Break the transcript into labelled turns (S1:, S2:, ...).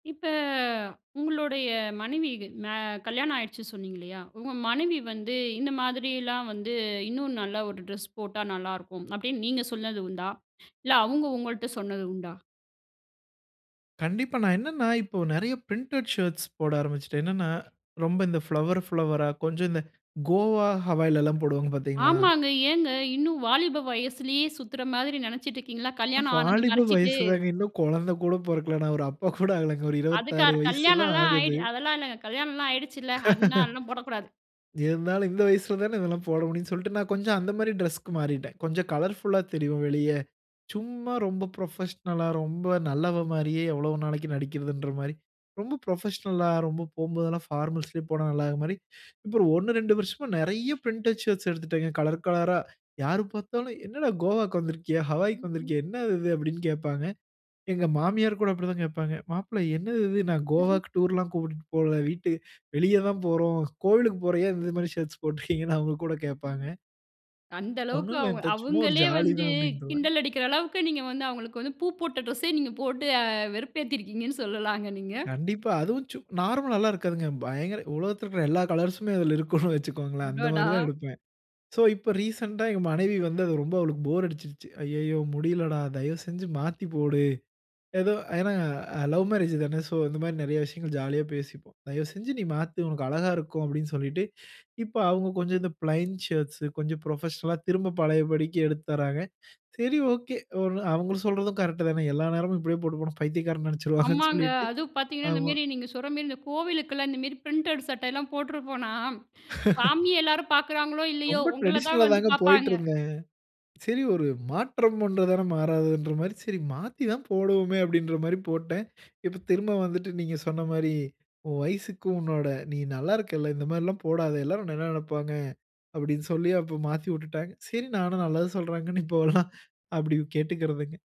S1: இப்ப உங்களுடைய மனைவிக்கு மா கல்யாணம் ஆயிடுச்சுன்னு சொன்னீங்கல்லையா உங்க மனைவி வந்து இந்த மாதிரிலாம் வந்து இன்னும் நல்ல ஒரு ட்ரெஸ் போட்டா நல்லாருக்கும் அப்படின்னு நீங்க சொன்னது உண்டா, இல்ல அவங்க உங்கள்ட்ட சொன்னது உண்டா.
S2: கண்டிப்பா. நான் என்னன்னா இப்போ நிறைய பிரிண்டட் ஷர்ட்ஸ் போட ஆரம்பிச்சுட்டேன். என்னன்னா ரொம்ப இந்த ஃபிளவர் ஃபிளவரா கொஞ்சம் இந்த கோவா ஹவாயிலல்லாம் போடுவாங்க பார்த்தீங்களா?
S1: ஆமாங்க. ஏங்க இன்னும் வாலிப வயசுலேயே சுத்துற மாதிரி நினைச்சிட்டு இருக்கீங்களா கல்யாணம் ஆனத
S2: வாலிப
S1: மறைச்சிட்டு?
S2: வயசுதாங்க இன்னும் குழந்தை கூட பொறக்கலா. நான் ஒரு அப்பா கூட ஆல ஒரு 26
S1: அதுக்காற்
S2: வயசு தான்
S1: கல்யாணம்லாம்
S2: ஆகுது.
S1: ஆய்டி அதெல்லாம் இல்லைங்க கல்யாணம்லாம் ஆகிடுச்சுல்ல அதனால அதெல்லாம் போடக்கூடாது.
S2: இருந்தாலும் இந்த வயசில தான இதெல்லாம் போட முடியும்னு சொல்லிட்டு நான் கொஞ்சம் அந்த மாரி டிரெஸ்க்கு மாறிட்டேன். கொஞ்சம் கலர்ஃபுல்லா தெரியும் வெளிய சும்மா ரொம்ப புரொபஷனல்லா ரொம்ப நல்லவன் மாரியே எவ்வளவு நாளைக்கு நடிக்கிறதுங்கிற மாரி ரொம்ப புரொபஷனல்லா ரொம்ப போம்போதெல்லாம் பார்மல்ஸ்லே போனா நல்லாக்கிற மாரி இப்போ ஒண்ணு, ரெண்டு வருஷமா நிறைய பிரிண்டட் ஷர்ட்ஸ் எடுத்துட்டேன் கலர் கலரா யாரு பார்த்தாலும், "என்னடா கோவாக்கு வந்திருக்கியா? ஹவாயக்கு
S1: ம், ம்.
S2: வந்திருக்கியா? என்னது இது?" அப்படின்னு கேட்பாங்க. எங்க மாமியார் கூட அப்படித்தான் கேட்பாங்க. மாப்பிள்ள, என்னது இது? நான் கோவாக்கு டூர்ல்லாம் கூட்பிட்டு போல. வீட்டு வெளியே தான் போறோம். கோவிலுக்கு போறோம். ஏன் இந்த மாரி ஷர்ட்ஸ் போட்ருக்கிங்கன்னு அவங்க கூட கேட்பாங்க.
S1: அந்த
S2: ஒண்ணு
S1: அளவுக்கு அவங்க
S2: இல்லத்த சும்மா ஒரு
S1: அவங்களே
S2: ஜாலி
S1: வந்து
S2: தான் அப்படின்னுடுருவேன்.
S1: கிண்டல் அடிக்கிற அளவுக்கு நீங்க வந்து அவங்களுக்கு வந்து பூ போட்ட டிரெஸ்ஸே நீங்க போட்டு அ வெறுப்பேத்திருக்கீங்கன்னு சொல்லலாங்க நீங்க.
S2: கண்டிப்பா. அதுவும் சு நார்மலல்லாம் இருக்காதுங்க. பயங்கர உலகத்தில இருக்குற எல்லா கலர்ஸ்ம்மே அதில இருக்கும்னு வைச்சுகோங்களேன். அந்த
S1: அடடா!
S2: மாரி தான் எடுப்பேன். சோ இப்ப ரீசென்ட்டா எங்க மனைவி வந்து அது ரொம்ப அவளுக்கு போர் அடிச்சுருச்சு. அய்யய்யோ முடியலடா. தயவுசெஞ்சு மாத்திபோடு. ஏதோ ஏன்னா லவ் மேரேஜ் தான சோ இந்த மாரி நிறைய விஷயங்கள் ஜாலியா பேசிப்போம். "தயவுசெஞ்சு நீ மாத்து! உனக்கு அழகா இருக்கும்." அப்படின்னு சொல்லிட்டு, இப்ப அவங்க கொஞ்சம் இந்த பிளைண்ட் ஷர்ட்ஸ் கொஞ்சம் புரொபஷனல்லா திரும்ப பழையபடிக்கு எடுத்து தர்றாங்க. சரி, ஓகே. ஒண்ணு அவங்க சொல்றதும் கரெக்ட் தானே? எல்லா நேரமும் இப்படியே போட்டு போன பைத்தியக்காரன் நெனச்சுருவங்கன்னு
S1: ஆமாங்க.
S2: சொல்லிட்டு
S1: அதும் பார்த்தீங்கன்னா இந்த
S2: ஆமா.
S1: மெரி நீங்க சொல்ற மெரி இந்த கோவிலுக்கெல்லாம் இந்த மெரி பிரிண்டட் சட்டைலாம் போட்டுருப்போனா, சாமிய எல்லாரும் பார்க்குறாங்களோ இல்லையோ,
S2: ரொம்ப
S1: உங்கள தான்
S2: டிரடிஷனல்ல
S1: வந்து
S2: தாங்க
S1: பார்ப்பாங்க.
S2: போயிட்டிருந்தேன். சரி ஒரு மாற்றம் ஒன்று தானே மாறாதுன்ற மாரி, சரி மாத்தி தான் போடுவோமே அப்படின்ற மாரி போட்டேன். இப்ப திரும்ப வந்துட்டு நீங்க சொன்ன மாரி, "உன் வயசுக்கு, உன்னோட நீ நல்லா இருக்கல்ல! இந்த மாரிலாம் போடாத. எல்லோரும் உன்னை என்ன நினைப்பாங்க?" அப்படின்னு சொல்லி அப்ப மாத்தி விட்டுட்டாங்க. சரி நானும் நல்லது சொல்றாங்கன்னு இப்போலாம் அப்படி கேட்டுக்கிறதுங்க.